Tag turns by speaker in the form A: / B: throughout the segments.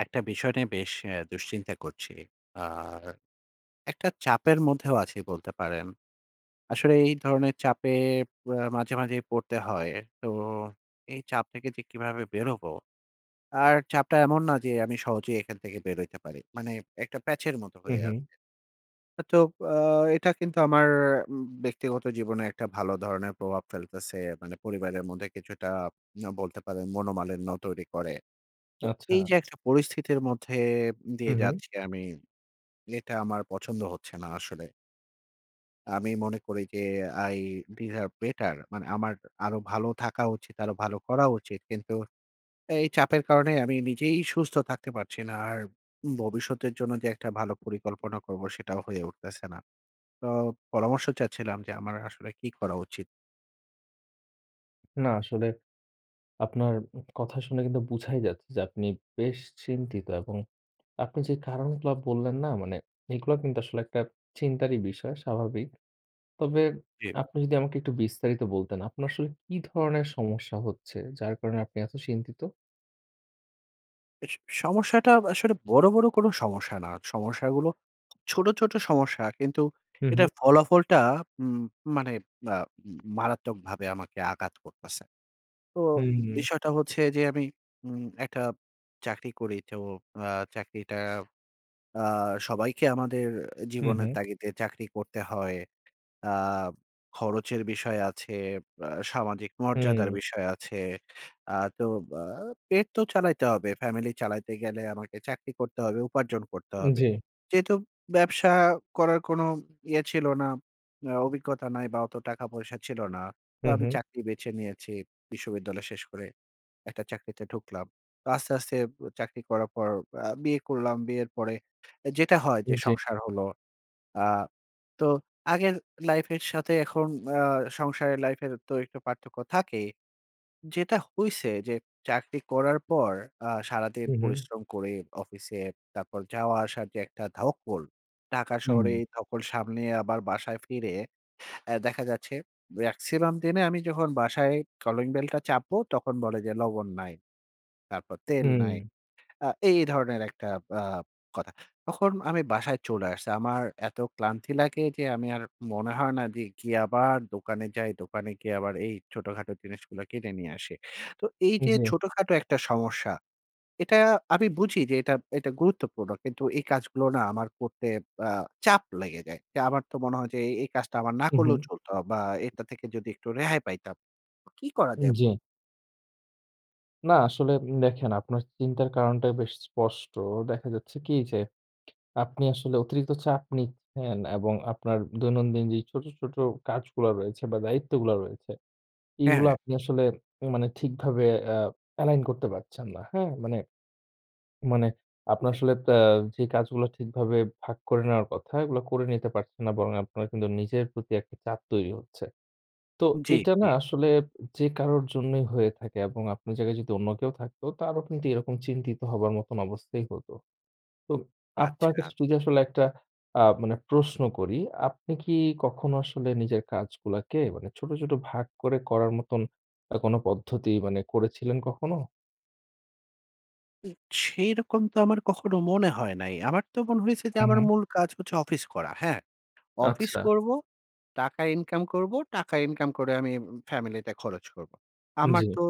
A: একটা বিষয় নিয়ে বেশ এ দুশ্চিন্তা করছি। আর একটা চাপের মধ্যেও আছি বলতে পারেন। আসলে এই ধরনের চাপে প মাঝে, মাঝে পড়তে হয়। তো এই চাপ থেকে যে কিভাবে বেরোবো? আর চাপটা এমন না যে আমি সহজেই এখান থেকে বের হইতে পারি। মানে একটা প্যাচ এর মত
B: হু,
A: হয়ে
B: হু।
A: আছে। আ তো আ এটা কিন্তু আমার উম ব্যক্তিগত জীবনে একটা ভালো ধরনের প্রভাব ফেলতেছে। মানে পরিবারের মধ্যে কিছুটা ম বলতে পারেন মনোমালিন্য তৈরি করে। তো
B: আচ্ছা।
A: এই যে একটা পরিস্থিতির মধ্যে
B: হু,
A: দিয়ে
B: হু।
A: যাচ্ছি আমি, এটা আমার পছন্দ হচ্ছে না আসলে। আমি মনে করি যে I behave better মানে আমার আরো ভালো থাকা উচিত, আরো ভালো করা উচিত। কিন্তু এই চাপের কারণে আমি নিজেই সুস্থ থাকতে পারছি না। আর ভবিষ্যতের জন্য যে একটা ভালো পরিকল্পনা করব সেটাও হয়ে উঠতেছে না। তো পরামর্শ চাচ্ছিলাম যে আমার আসলে কি করা উচিত?
B: না, আসলে আপনার কথা শুনে কিন্তু বুঝাই যাচ্ছে যে আপনি বেশ চিন্তিত। এবং আপনি যে কারণগুলা বললেন না? মানে এইগুলা কিন্তু আসলে একটা চিন্তারই বিষয় স্বাভাবিক। তবে
A: জি।
B: আপনি যদি আমাকে একটু বিস্তারিত বলতেন, আপনার আসলে কী ধরনের সমস্যা হচ্ছে যার কারণে আপনি এত চিন্তিত?
A: এস সমস্যাটা আসলে বড়, বড় কোন সমস্যা না। সমস্যাগুলো ছোট, ছোট সমস্যা কিন্তু
B: হুম, হুম।
A: এটার ফলাফলটা উম মানে আ উ মারাত্মকভাবে আমাকে আঘাত করতাছে। তো
B: হুম, হুম।
A: বিষয়টা হচ্ছে যে, আমি উম একটা চাকরি, করি, তো আ চাকরিটা আ সবাইকে আমাদের
B: হ্যাঁ,
A: জীবনের
B: হ্যাঁ।
A: তাগিদে চাকরি করতে হয়। আব খরচের বিষয় আছে, আ সামাজিক মর্যাদার
B: হুম।
A: বিষয় আছে। আ তো বা পেট তো চালাইতে হবে। ফ্যামিলি চালাইতে গেলে আমাকে চাকরি করতে হবে, উপার্জন করতে হবে।
B: জ্বী।
A: যেহেতু ব্যবসা করার কোন ইয়ে ছিলো না, আ অভিজ্ঞতা নাই বা অত টাকা পয়সা ছিলো না। তো
B: হুম,
A: আমি
B: হুম।
A: চাকরি বেছে নিয়েছি, বিশ্ববিদ্যালয়ে শেষ করে। একটা চাকরিতে ঢুকলাম। তা আস্তে, আস্তে চাকরি করার পর আ বিয়ে করলাম, বিয়ের পরে যেটা হয়
B: হু,
A: যে,
B: জ্বী।
A: সংসার হলো। আ তো আগের লাইফের সাথে এখন আ সংসারের লাইফের তো একটু পার্থক্য থাকে। যেটা হইছে যে, চাকরি করার পর আ সারাদিন
B: হুম, হুম।
A: পরিশ্রম করে, অফিসে তারপর যাওয়া আসার যে, একটা ধকল, টাকা শহরে
B: হুম।
A: এই ধকল সামনেয়ে আবার বাসায় ফিরে আ দেখা যাচ্ছে ম্যাক্সিমাম দিনে আমি যখন বাসায় কলিংবেলটা চাপবো তখন বলে যে, লবণ নাই, তারপর তেল নাই।
B: হুম।
A: আ এই ধরনের একটা ব্যা কথা। তখন আমি বাসায় চলে আসছি। আমার এত ক্লান্তি লাগে যে, আমি আর মনে হয় না দে গিয়ে আবার দোকানে যাই। দোকানে গিয়ে আবার এই ছোটখাটো জিনিসগুলো কিনে নিয়ে আসি। তো এইযে
B: জ্বী।
A: ছোটখাটো একটা সমস্যা। এটা আমি বুঝি যে, এটা, এটা গুরুত্বপূর্ণ কিন্তু এই কাজগুলো না আমার করতে আ চাপ লেগে যায়। তে আমার তো মনে হয় যে, এই, এই কাজটা আমার না
B: হুম, হুম।
A: করলেও চলতো বা এটা থেকে যদি একটু রেহাই পাইতাম। কি করা যায়
B: জ্বী।
A: বলুন?
B: না, আসলে উম দেখেন আপনার চিন্তার কারণটা বেশ স্পষ্ট। দেখা যাচ্ছে কি? যে, আপনি আসলে অতিরিক্ত চাপ নিচ্ছেন, এবং আপনার দৈনন্দিন যে ছোট, ছোট কাজগুলা রয়েছে বা দায়িত্বগুলো রয়েছে
A: হ্যাঁ,
B: এগুলো
A: হ্যাঁ।
B: আপনি আসলে মানে ঠিকভাবে আ allign করতে পারছেন না। হ্যাঁ? মানে মানে আপনার আসলে প্যা যে কাজগুলো ঠিকভাবে ভাগ করে নেওয়ার কথা, এগুলো করে নিতে পারছেন না। বরং আপনার কিন্তু নিজের প্রতি একটা চাপ তৈরি হচ্ছে। তো
A: জি,
B: এটা না
A: জি।
B: আসলে যে কারোর জন্যই হয়ে থাকে এবং আপনের জায়গায় যদি অন্য কেউ থাকতো তারও কিন্তু এরকম চিন্তিত হবার মতো অবস্থাই হতো। তো আপনাকে
A: আচ্ছা।
B: আস যদি আসলে একটা আ মানে প্রশ্ন করি, আপনি কি কখনো আসলে নিজের কাজগুলাকে মানে ছোট, ছোট ভাগ করে করার মতন আ কোন পদ্ধতি মানে করেছিলেন কখনো?
A: উ সেইরকম তো আমার কখনো মনে হয় নাই। আমার তো মনে হইছে যে
B: হু,
A: আমার
B: হু।
A: মূল কাজ হচ্ছে অফিস করা। হ্যাঁ? অফিস
B: আচ্ছা।
A: করবো, টাকা ইনকাম করবো, টাকা ইনকাম করে আমি উম ফ্যামিলিতে খরচ করবো। আমার
B: জ্বি।
A: তো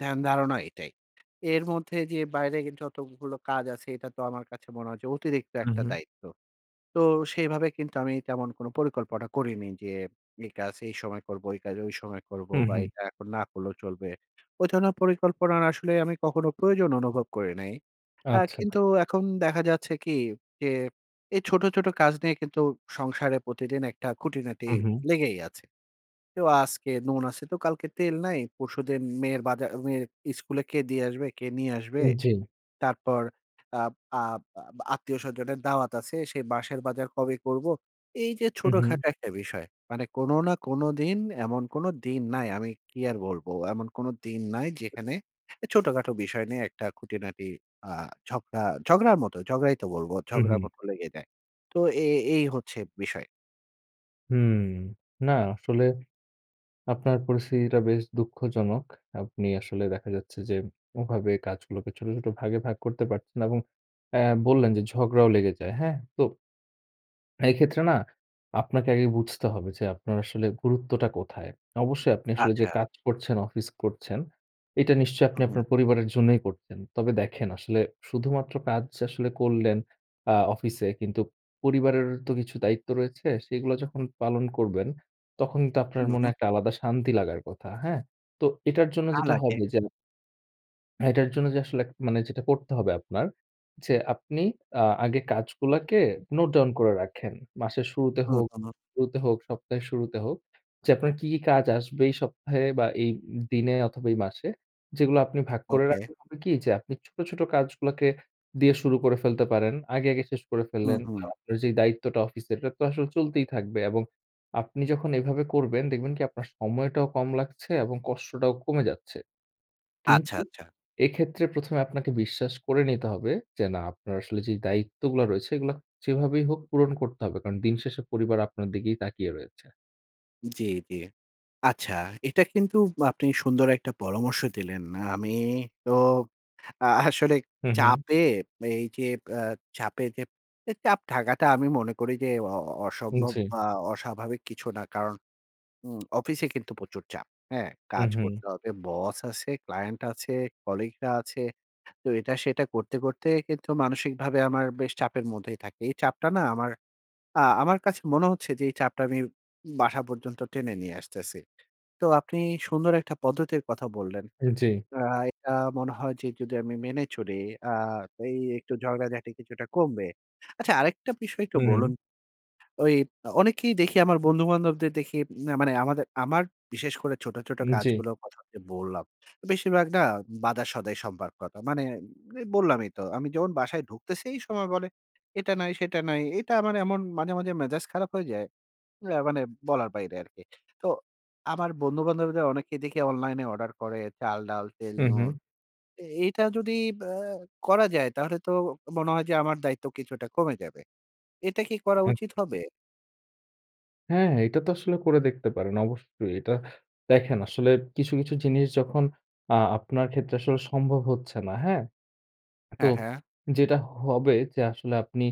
A: ধ্যান, ধারণা এটাই। এর মধ্যে যে বাইরে কিন্তু যতগুলো কাজ আছে এটা তো আমার কাছে মনে হয় যে অতিরিক্ত
B: হু,
A: একটা
B: হুম।
A: দায়িত্ব। তো সেইভাবে কিন্তু আমি তেমন কোনো পরিকল্পনা করিনি। যে এই কাজ এই সময় করবো, এই কাজ সময় করবো
B: হু,
A: বা
B: হু।
A: এটা এখন না করলেও চলবে। ওই ধরনের পরিকল্পনার আসলে আমি কখনো প্রয়োজন অনুভব করি নাই। আ
B: আচ্ছা।
A: কিন্তু এখন দেখা যাচ্ছে কি? যে, এই ছোট, ছোট কাজ নিয়ে কিন্তু সংসারে প্রতিদিন একটা খুঁটিনাটি
B: হু, হু।
A: লেগেই আছে। তো আজকে নুন আছে তো কালকে তেল নাই, পরশুদিন মেয়ের বাজা মেয়ে স্কুলে কে দিয়ে আসবে, কে নিয়ে আসবে।
B: হুম, জী।
A: তারপর আব আ আ আত্মীয়স্বজনের দাওয়াত আছে সে, বাঁশের বাজার কবে করবো? এইযে
B: হু, হু।
A: ছোটখাটো একটা বিষয়। মানে কোন না কোন দিন এমন কোনো দিন নাই আমি কি আর বলবো? এমন কোনো দিন নাই যেখানে এ ছোটখাটো বিষয় নিয়ে একটা খুঁটিনাটি আ ঝগড়া ঝগড়ার মতো ঝগড়াই তো বলবো।
B: হু,
A: ঝগড়ার
B: হু।
A: মতো লেগে যায়। তো এ এই হচ্ছে বিষয়।
B: হুম, না আসলে আপনার পরিস্থিতিটা বেশ দুঃখজনক। আপনি আসলে দেখা যাচ্ছে যে, ওভাবে কাজগুলোকে ছোট, ছোট ভাগে ভাগ করতে পারছেন এবং অ্যা বললেন যে ঝগড়াও লেগে যায়। হ্যাঁ? তো এক্ষেত্রে না আপনাকে আগে বুঝতে হবে যে, আপনার আসলে গুরুত্বটা কোথায়? অবশ্যই আপনি আসলে যে
A: আচ্ছা।
B: কাজ করছেন, অফিস করছেন এটা নিশ্চয়ই আপনি
A: হুউম।
B: আপনার পরিবারের জন্যই করছেন। তবে দেখেন, আসলে শুধুমাত্র কাজ আসলে করলেন আ অফিসে কিন্তু পরিবারের তো কিছু দায়িত্ব রয়েছে। সেগুলো যখন পালন করবেন, তখন তো আপনার মনে
A: হুউ।
B: একটা আলাদা শান্তি লাগার কথা। হ্যাঁ? তো এটার জন্য
A: তা
B: যেটা
A: লাগে।
B: হবে যে হ্যাঁ, এটার জন্য যে আসলে, মানে যেটা করতে হবে আপনার যে, আপনি আ আগে কাজগুলাকে নোট ডাউন করে রাখেন। মাসের শুরুতে
A: হু,
B: হোক
A: হু।
B: শুরুতে হোক, সপ্তাহের শুরুতে হোক যে আপনার কি, কি কাজ আসবে এই সপ্তাহে বা, এই ই দিনে অথবা, এই মাসে যেগুলো আপনি ভাগ করে
A: ওকে।
B: রাখলে হবে কি? যে আপনি ছোট, ছোট কাজগুলাকে দিয়ে শুরু করে ফেলতে পারেন। আগে, আগে শেষ করে
A: হু,
B: ফেললেন।
A: হু।
B: আর আপনার যে দায়িত্বটা অফিসের, এটা তো আসলে চলতেই থাকবে। এবং আপনি যখন এভাবে করবেন, দেখবেন কি? আপনার সময়টাও কম লাগছে এবং কষ্টটাও কমে যাচ্ছে।
A: আচ্ছা,
B: কিন্তু
A: আচ্ছা।
B: এক্ষেত্রে প্রথমে আপনাকে বিশ্বাস করে নিতে হবে যে, না, আপনার আসলে যে দায়িত্বগুলো রয়েছে, এগুলা যেভাবেই হোক পূরণ করতে হবে। কারণ, দিনশেষে পরিবার আপনার দিকেই তাকিয়ে রয়েছে।
A: জি, জি। আচ্ছা, এটা কিন্তু আপনি সুন্দর একটা পরামর্শ দিলেন। আমি তো আসলে
B: হুম, হুম।
A: চাপে এই যে, আ চাপে যে, এ চাপ থাকাটা আমি মনে করি যে, অ অ
B: হুম,
A: অসম্ভব
B: জি।
A: বা অস্বাভাবিক কিছু না। কারণ উম অফিসে কিন্তু প্রচুর চাপ, হ্যাঁ?
B: হু,
A: কাজ
B: হু।
A: করতে হবে। বস আছে, ক্লায়েন্ট আছে, কলিগরা আছে। তো, এটা-সেটা করতে, করতে কিন্তু মানসিকভাবে আমার বেশ চাপের মধ্যেই থাকে। এই চাপটা না আমার, আ আমার কাছে মনে হচ্ছে যে, এই চাপটা আমি বাসা পর্যন্ত টেনে নিয়ে আসতেছি। তো আপনি, সুন্দর একটা পদ্ধতির কথা বললেন।
B: হু, জি।
A: আ এটা মনে হয় যে, যদি আমি মেনে চলি আ এই একটু ঝগড়াঝাটি কিছুটা কমবে। আচ্ছা, আরেকটা বিষয় একটু
B: হু,
A: বলুন?
B: হু।
A: ঐ অনেকেই দেখি, আমার বন্ধু-বান্ধবদের দেখি, না মানে আমাদের, আমার বিশেষ করে ছোট, ছোট
B: হু, জি।
A: কাজগুলোর কথা যে বললাম। বেশিরভাগ না বাজার-সদাই সম্পর্কতা। মানে, এই বললামই তো, আমি যখন বাসায় ঢুকতেছি এই সময় বলে, এটা নাই, সেটা নাই। এটা আমার এমন মাঝে, মাঝে মেজাজ খারাপ হয়ে যায়। যা মানে বলার বাইরে আর কি। তো, আমার বন্ধু-বান্ধবদের অনেকেই দেখি অনলাইনে অর্ডার করে চাল, ডাল, তেল,
B: হুম,
A: নূন।
B: হুম।
A: এ এটা যদি আ করা যায়, তাহলে তো মনে হয় যে, আমার দায়িত্ব কিছুটা কমে যাবে। এটা কি করা উচিত
B: আচ্ছা।
A: হবে?
B: হ্যাঁ, হ্যাঁ, এটা তো আসলে করে দেখতে পারেন, অবশ্যই। এটা দেখেন আসলে কিছু, কিছু জিনিস যখন আ আপনার ক্ষেত্রে আসলে সম্ভব হচ্ছে না। হ্যাঁ? তো
A: হ্যাঁ, হ্যাঁ।
B: যেটা হবে যে আসলে আপনি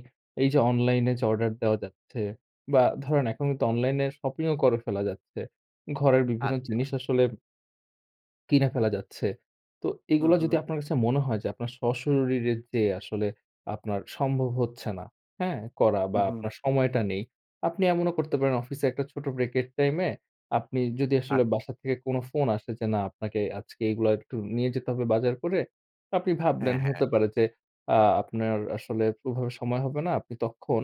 B: এই যে Online এ যে Order দেওয়া যাচ্ছে। বা ধরেন এখন কিন্তু Online এ Shopping ও করে ফেলা যাচ্ছে। ঘরের বিভিন্ন
A: আচ্ছা।
B: জিনিস আসলে কিনে ফেলা যাচ্ছে। তো
A: হু,
B: এগুলো যদি
A: হু।
B: আপনার কাছে মনে হয় যে আপনার স্বশরীরে যেয়ে আসলে আপনার সম্ভব হচ্ছে না। হ্যাঁ? করা
A: উ,
B: বা
A: হু।
B: আপনার সময়টা নেই। আপনি এমনও করতে পারেন, অফিসে ১ টা ছোট Break এর টাইমে আপনি যদি
A: আ
B: আসলে বাসা থেকে কোনো ফোন আসে যে না, আপনাকে আজকে এগুলা একটু নিয়ে যেতে হবে বাজার করে। আপনি ভাবলেন
A: হ্যাঁ, হ্যাঁ।
B: হতে পারে যে আ আপনার আসলে ওভাবে সময় হবে না। আপনি তখন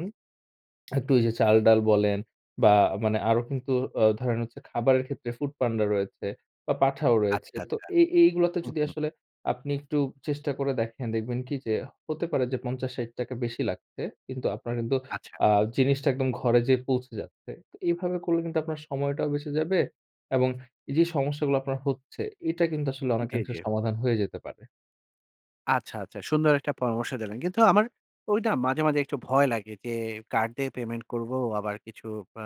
B: একটু ওই যে চালডাল বলেন বা মানে আরো কিন্তু আ ধরেন হচ্ছে খাবারের ক্ষেত্রে ফুডপান্ডা রয়েছে বা পাঠাও রয়েছে।
A: আচ্ছা,
B: তো
A: আচ্ছা।
B: এই এই গুলোতে
A: হু,
B: যদি
A: হু।
B: আসলে আপনি একটু চেষ্টা করে দেখেন, দেখবেন কী যে হতে পারে যে ৫০ ৬০ টাকা বেশি লাগছে। কিন্তু আপনার কিন্তু
A: আচ্ছা।
B: আ জিনিসটা একদম ঘরে যেয়ে পৌঁছে যাচ্ছে। তো এভাবে করলে কিন্তু আপনার সময়টাও বেঁচে যাবে এবং এই যে সমস্যাগুলো আপনার হচ্ছে, এটা কিন্তু আসলে
A: জি,
B: অনেকাংশে
A: জি।
B: সমাধান হয়ে যেতে পারে।
A: আচ্ছা, আচ্ছা। সুন্দর একটা পরামর্শ দিলেন। কিন্তু আমার ঐডা মাঝে, মাঝে একটু ভয় লাগে যে, কার্ড দিয়ে পেমেন্ট করবো? আবার কিছু আ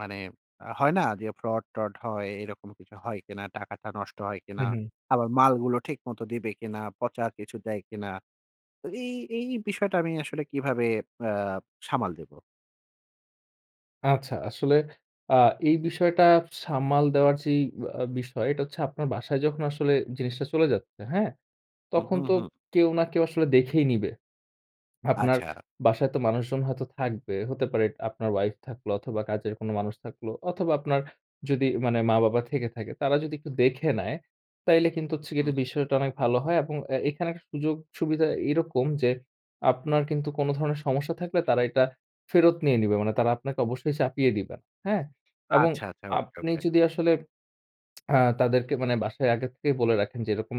A: মানে আ হয় না যে, ফ্রড-ট্রড হয় এরকম কিছু হয় কিনা? টাকাটা নষ্ট হয়
B: হু,
A: কিনা?
B: হুম।
A: আবার মালগুলো ঠিকমত দিবে কিনা? পচা কিছু দেয় কিনা? তো এই, এই বিষয়টা আমি আসলে কিভাবে আ সামাল দিবো?
B: আচ্ছা আসলে আ এই বিষয়টা সামাল দেওয়ার যেই আ আ বিষয় এটা হচ্ছে আপনার বাসায় যখন আসলে জিনিসটা চলে যাচ্ছে। হ্যাঁ,
A: হু,
B: তখন
A: হু,
B: তো
A: হুম।
B: কেউ না কেউ আসলে দেখেই নিবে। আপনার
A: আচ্ছা।
B: বাসায় তো মানুষজন হয়তো থাকবে হতে পারে। এটা আপনার ওয়াইফ থাকলো অথবা কাজের কোনো মানুষ থাকলো অথবা আপনার যদি মানে মা-বাবা থেকে থাকে, তারা যদি একটু দেখে নেয়, তাইলে কিন্তু হচ্ছে এটা
A: হুম।
B: বিষয়টা অনেক ভালো হয়। এবং এ এখানে একটা সুযোগ সুবিধা এরকম যে, আপনার কিন্তু কোনো ধরনের সমস্যা থাকলে তারা এটা ফেরত নিয়ে নিবে। মানে তারা আপনাকে অবশ্যই চাপিয়ে দিবেন। হ্যাঁ? এবং
A: আচ্ছা, আচ্ছা। ওকে,
B: আপনি
A: ওকে।
B: যদি আসলে আ তাদেরকে মানে বাসায় আগে থেকেই বলে রাখেন যে এরকম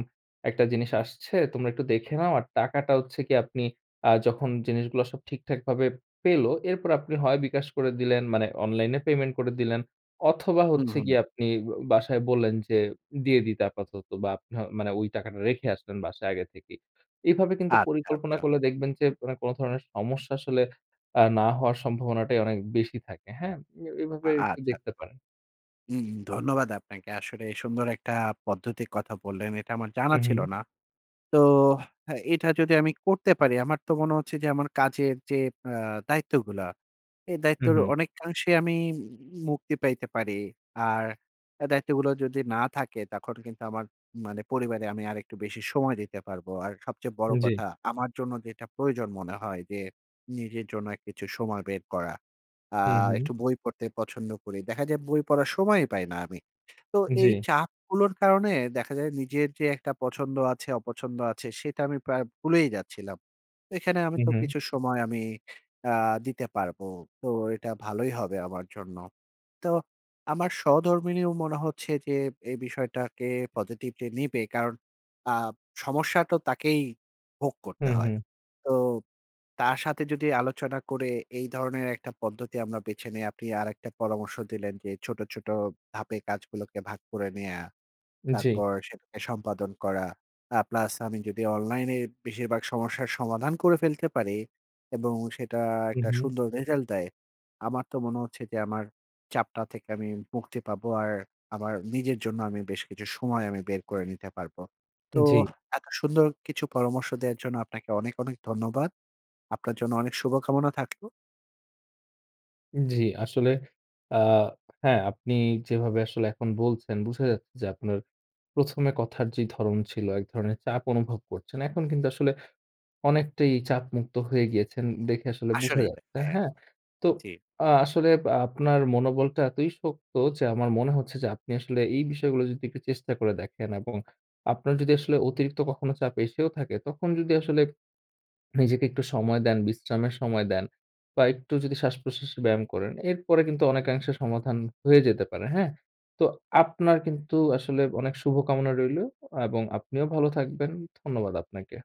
B: একটা জিনিস আসছে, তোমরা একটু দেখে নাও। আর টাকাটা হচ্ছে কি আপনি আ যখন জিনিসগুলা সব ঠিকঠাক ভাবে পেলো, এরপর আপনি হয় bKash করে দিলেন। মানে অনলাইনে পেমেন্ট করে দিলেন অথবা
A: হু,
B: হচ্ছে
A: হুম।
B: গিয়ে আপনি বো বাসায় বললেন যে, দিয়ে দিতে আপাতত বা মানে ওই টাকাটা রেখে আসলেন বাসায় আগে থেকেই। এভাবে কিন্তু
A: আচ্ছা,
B: পরিকল্পনা
A: আচ্ছা।
B: করলে দেখবেন যে, ওরা কোনো ধরনের সমস্যা আসলে আ না হওয়ার সম্ভাবনাটাই অনেক বেশি থাকে। হ্যাঁ? এ
A: আ
B: এভাবে একটু
A: আচ্ছা।
B: দেখতে পারেন।
A: হুম, ধন্যবাদ আপনাকে। আসলে সুন্দর একটা পদ্ধতির কথা বললেন, এটা আমার জানা
B: হু,
A: ছিল
B: হু।
A: না। তো হ্যাঁ, এটা যদি আমি করতে পারি আমার তো মনে হচ্ছে যে, আমার কাজের যে আ দায়িত্বগুলা, এই
B: হু,
A: দায়িত্বর
B: হু।
A: অনেকাংশেই আমি মুক্তি পাইতে পারি। আর এ দায়িত্বগুলো যদি না থাকে, তখন কিন্তু আমার মানে পরিবারে আমি আরেকটু বেশি সময় দিতে পারবো। আর সবচেয়ে বড়
B: জ্বী।
A: কথা আমার জন্য যেটা প্রয়োজন মনে হয় যে, নিজের জন্য কিছু সময় বের করা। আ
B: হু, হু।
A: একটু বই পড়তে পছন্দ করি। দেখা যায় বই পড়ার সময়ই পাই না আমি। তো এই
B: জ্বি।
A: চাপগুলোর কারণে দেখা যায় নিজের যে, একটা পছন্দ আছে, অপছন্দ আছে সেটা আমি প্রায় ভুলেই যাচ্ছিলাম। এখানে আমি
B: হু,
A: তো
B: হু।
A: কিছু সময় আমি আ দিতে পারবো। তো এটা ভালোই হবে আমার জন্য। তো আমার সহধর্মিণীও মনে হচ্ছে যে, এই বিষয়টাকে Positively নিবে। কারণ আ সমস্যা তো তাকেই ভোগ করতে
B: হুম,
A: হয়।
B: হুম
A: তো তার সাথে যদি আলোচনা করে এই ধরনের একটা পদ্ধতি আমরা বেছে নেই; আপনি আরেকটা পরামর্শ দিলেন যে ছোট, ছোট ধাপে কাজগুলোকে ভাগ করে নেয়া,
B: জ্বী।
A: তারপর সেটাকে সম্পাদন করা। আ প্লাস আমি যদি অনলাইনে বেশিরভাগ সমস্যার সমাধান করে ফেলতে পারি এবং সেটা
B: হুম,
A: একটা
B: হুম।
A: সুন্দর রেজাল্ট দেয়, আমার তো মনে হচ্ছে যে, আমার চাপটা থেকে আমি মুক্তি পাবো, আর আমার নিজের জন্য আমি বেশ কিছু সময় আমি বের করে নিতে পারবো। তো
B: জ্বি।
A: এত সুন্দর কিছু পরামর্শ দেওয়ার জন্য আপনাকে অনেক, অনেক ধন্যবাদ। আপনার জন্য অনেক শুভ-কামনা থাকলো।
B: জী, আসলে আ হ্যাঁ, আপনি যেভাবে আসলে এখন বলছেন, বুঝা যাচ্ছে যে আপনার প্রথমে কথার যে ধরন ছিল, এক ধরনের চাপ অনুভব করছেন। এখন কিন্তু আসলে অনেকটাই চাপমুক্ত হয়ে গিয়েছেন, দেখে আসলে বুঝা
A: আসলেই তো।
B: যাচ্ছে,
A: হ্যাঁ,
B: হ্যাঁ? তো
A: জ্বী।
B: আ আসলে আপনার মনোবলটা এতই শক্ত যে আমার মনে হচ্ছে যে, আপনি আসলে এই বিষয়গুলো যদি একটু চেষ্টা করে দেখেন এবং আপনার যদি আসলে অতিরিক্ত কখনো চাপ এসেও থাকে, তখন যদি আসলে নিজেকে একটু সময় দেন, বিশ্রামের সময় দেন বা একটু যদি শ্বাস-প্রশ্বাসের ব্যায়াম করেন, এরপরে কিন্তু অনেকাংশে সমাধান হয়ে যেতে পারে, হ্যাঁ? তো আপনার কিন্তু আসলে অনেক শুভকামনা রইলো এবং আপনিও ভালো থাকবেন। ধন্যবাদ আপনাকে।